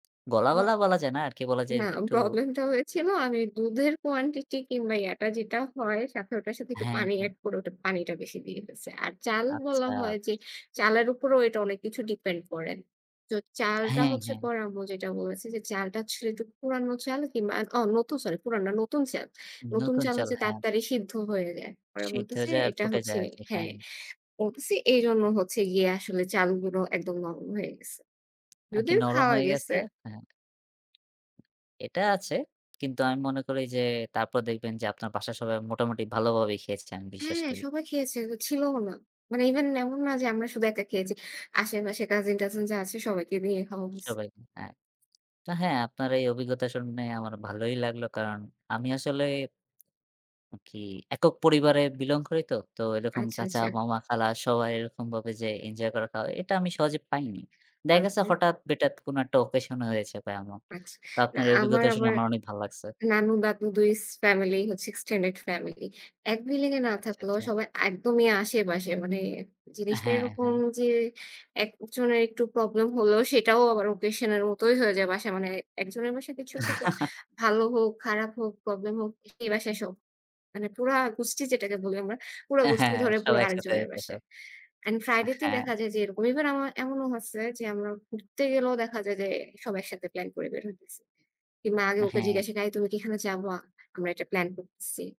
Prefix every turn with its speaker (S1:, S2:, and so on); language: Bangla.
S1: গলা,
S2: উম
S1: গলা বলা যায় না আরকি, বলা যায়
S2: না।
S1: একটু
S2: প্রব্লেমটা হয়েছিল আমি দুধের quantity কিংবা ইয়াটা যেটা হয় সাথে ওটার সাথে একটু
S1: হ্যাঁ,
S2: পানি
S1: হ্যাঁ।
S2: এড করে ওটা পানিটা বেশি দিয়ে ফেলছি। আর চাল বলা
S1: আচ্ছা।
S2: হয় যে চালের উপরেও এটা অনেক কিছু depend করে। তো চালটা
S1: হ্যাঁ,
S2: হচ্ছে
S1: হ্যাঁ।
S2: পরে আম্মু যেটা বলেছে যে চালটা আসলে একটু পুরানো চাল কিংবা, আ অ নতুন সরি পুরানো না নতুন চাল। নতুন
S1: নতুন
S2: চাল
S1: চাল,
S2: হচ্ছে
S1: হ্যাঁ।
S2: তাড়াতাড়ি সিদ্ধ হয়ে যায়। পরে
S1: সেদ্ধ
S2: বলতেছে
S1: হয়ে যায় আর
S2: এটা
S1: ফুটে
S2: হচ্ছে
S1: যায় আরকি। হ্যাঁ।
S2: হ্যাঁ, বলতেছি এইজন্য হচ্ছে গিয়ে আসলে চালগুলো একদম নরম হয়ে গেছে।
S1: আরকি
S2: যদিও
S1: নরম
S2: খাওয়া
S1: হয়ে
S2: গেছে।
S1: গেছে, হ্যাঁ। এটা আছে। কিন্তু আমি মনে করি যে তারপর দেখবেন যে আপনার বাসার সবাই মোটামুটি ভালোভাবেই খেয়েছেন, আমি বিশ্বাস
S2: হ্যাঁ,
S1: করি।
S2: সবাই খেয়েছে। হ ছিলও না। মানে even এমন না যে আমরা শুধু একটা খেয়েছি। আশেপাশে কাজিন-টাজিন যা আছে সবাইকে দিয়ে খাওয়া হইছে।
S1: সবাই, হ্যাঁ। তা হ্যাঁ, আপনার এই অভিজ্ঞতা শুনে আমার ভালোই লাগলো। কারণ আমি আসলে কি একক পরিবারে belong করি তো। তো এরকম
S2: আচ্ছা,
S1: চাচা,
S2: আচ্ছা।
S1: মামা, খালা সবাই এরকমভাবে যে এঞ্জয় করাটা, এটা আমি সহজে পাইনি। দেখা গেছে
S2: আচ্ছা।
S1: হঠাৎ-বেটাত কোন একটা occasion হয়েছে বা এমন।
S2: আচ্ছা।
S1: তা
S2: না
S1: আপনার এ
S2: আমার
S1: অভিজ্ঞতা শুনে
S2: আবার
S1: আমার অনেক ভালো লাগছে।
S2: নানু-দাদু দুই ফ্যামিলি হচ্ছে extended family। এক বিল্ডিংয়ে না
S1: আচ্ছা,
S2: থাকলেও
S1: আচ্ছা।
S2: সবাই একদমই আশেপাশে। মানে জিনিসটা
S1: হ্যাঁ,
S2: এরকম
S1: হ্যাঁ।
S2: যে একজনের একটু প্রব্লেম হলেও সেটাও আবার occasion এর মতই হয়ে যায় বাসা মানে একজনের বাসায় কিছু একটা ভালো হোক, খারাপ হোক, প্রব্লেম হোক, সেই বাসায় সব। মানে পুরা গুষ্টি যেটাকে বলি আমরা, পুরা
S1: অ্যা
S2: গুষ্টি
S1: হ্যাঁ,
S2: ধরে
S1: সব
S2: পুরো
S1: একসাথে
S2: আরেকজনের
S1: বসে।
S2: বাসায়। এন্ড
S1: আ
S2: friday তে
S1: হ্যাঁ।
S2: দেখা যায় যে এরকম ইভেন আমার এমনও হয়েছে যে আমরা ঘুরতে গেলেও দেখা যায় যে e সব একসাথে প্ল্যান করে বের হইতেছি। কিংবা আগে
S1: আ
S2: ওকে
S1: হ্যাঁ।
S2: জিজ্ঞাসা কা "আই তুমি কি এখানে যাবা? আমরা এটা প্ল্যান করতেছি।"